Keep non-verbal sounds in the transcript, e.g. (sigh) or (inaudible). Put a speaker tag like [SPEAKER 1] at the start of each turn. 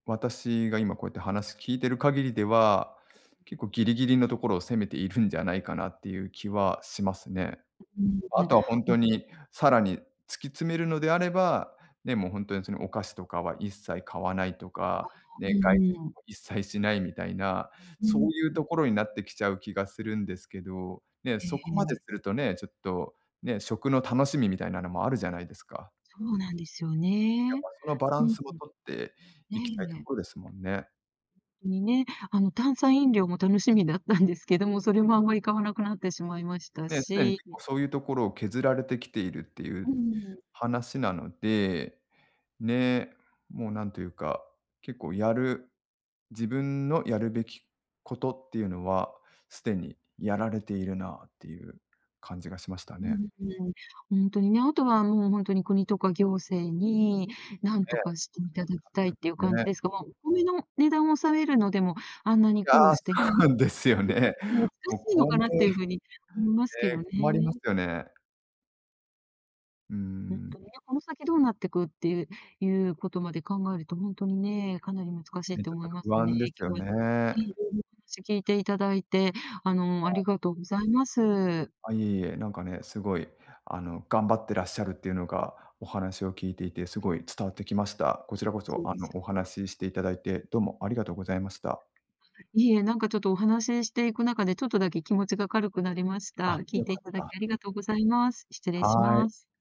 [SPEAKER 1] 私が今こうやって話聞いている限りでは、結構、ギリギリのところを攻めているんじゃないかなっていう気はしますね。
[SPEAKER 2] う、うん、
[SPEAKER 1] あ
[SPEAKER 2] うん。
[SPEAKER 1] とはほん
[SPEAKER 2] う
[SPEAKER 1] と
[SPEAKER 2] ん。
[SPEAKER 1] にさらに突き詰めるのであれば、ね、もうほんとにそのお菓子とかは一切買わないと
[SPEAKER 2] あ、
[SPEAKER 1] か、
[SPEAKER 2] う
[SPEAKER 1] ね、がい
[SPEAKER 2] んうん。
[SPEAKER 1] も、一切しないみたいな、
[SPEAKER 2] う
[SPEAKER 1] そ
[SPEAKER 2] ん、
[SPEAKER 1] ういう
[SPEAKER 2] ん。
[SPEAKER 1] ところになってきちゃう気がするんですけど、ね、
[SPEAKER 2] え
[SPEAKER 1] そこま
[SPEAKER 2] ええ
[SPEAKER 1] で
[SPEAKER 2] え。
[SPEAKER 1] するとね、ちょっとね、食の楽しみみたいなのもあるじゃないですか。
[SPEAKER 2] そうなんですよ
[SPEAKER 1] やっ
[SPEAKER 2] ね。
[SPEAKER 1] ぱそのバラ
[SPEAKER 2] う
[SPEAKER 1] ン
[SPEAKER 2] ん、ん。
[SPEAKER 1] スを取っていきたいと
[SPEAKER 2] ねえ。
[SPEAKER 1] こですもんね。
[SPEAKER 2] に、ね、あの、炭酸飲料も楽しみだったんですけども、それもあんまり買わなくなってしまいました
[SPEAKER 1] ね、すでに
[SPEAKER 2] し
[SPEAKER 1] 結構そういうところを削られてきているってい
[SPEAKER 2] う
[SPEAKER 1] う
[SPEAKER 2] んうん。
[SPEAKER 1] 話なので、ね、もうなんというか、結構やる自分のやるべきことっていうのは、すでにやられているなあっていう感じがしました
[SPEAKER 2] う
[SPEAKER 1] ね。
[SPEAKER 2] ん、うん。ほんとにね、あとはもうほんとに国とか行政に、何と
[SPEAKER 1] ええ。
[SPEAKER 2] かしていただきたいっていう
[SPEAKER 1] (unintelligible)
[SPEAKER 2] 感じ
[SPEAKER 1] ね。
[SPEAKER 2] ですが、まあ、お米の値段を抑えるのでも、あんなに
[SPEAKER 1] う、
[SPEAKER 2] 苦
[SPEAKER 1] あ
[SPEAKER 2] 労
[SPEAKER 1] あ、
[SPEAKER 2] してい
[SPEAKER 1] そ
[SPEAKER 2] た
[SPEAKER 1] う
[SPEAKER 2] 結
[SPEAKER 1] なんですよね。
[SPEAKER 2] 構もう、難
[SPEAKER 1] もう、
[SPEAKER 2] しいの
[SPEAKER 1] こう
[SPEAKER 2] か
[SPEAKER 1] ね、
[SPEAKER 2] なっていう風におもいますけど
[SPEAKER 1] ね、
[SPEAKER 2] ね。
[SPEAKER 1] 困りますよね。うー
[SPEAKER 2] ほん
[SPEAKER 1] ん。
[SPEAKER 2] とにね、この先どうなってくってゆうゆうことまで考えるとほんとにね、かなり難しいっ
[SPEAKER 1] ね、
[SPEAKER 2] て
[SPEAKER 1] ちょっ
[SPEAKER 2] 思
[SPEAKER 1] と
[SPEAKER 2] います
[SPEAKER 1] 不
[SPEAKER 2] ね。
[SPEAKER 1] 安ですよ
[SPEAKER 2] 今日はね、
[SPEAKER 1] ね。
[SPEAKER 2] いろいろ、話しを聞いていただいて、あの、
[SPEAKER 1] は
[SPEAKER 2] あ
[SPEAKER 1] い。
[SPEAKER 2] りがとうございます。
[SPEAKER 1] あ、いえいえ、なんかね、すごい、あの、頑張ってらっしゃるっていうのが、お話を聞いていてすごい伝わってきました。こちらこ
[SPEAKER 2] そ
[SPEAKER 1] そ、
[SPEAKER 2] う
[SPEAKER 1] あ
[SPEAKER 2] ですよ
[SPEAKER 1] の、お話ししていただいてどうも、ありがとうございました。
[SPEAKER 2] いいえ、なんかちょっとお話ししていく中で、ちょっとだけ気持ちが軽くなりました。
[SPEAKER 1] あ、
[SPEAKER 2] 聞い
[SPEAKER 1] 良
[SPEAKER 2] てい
[SPEAKER 1] かっ
[SPEAKER 2] ただき
[SPEAKER 1] た。
[SPEAKER 2] ありがとうございます。失礼し
[SPEAKER 1] は
[SPEAKER 2] ま
[SPEAKER 1] い。
[SPEAKER 2] す。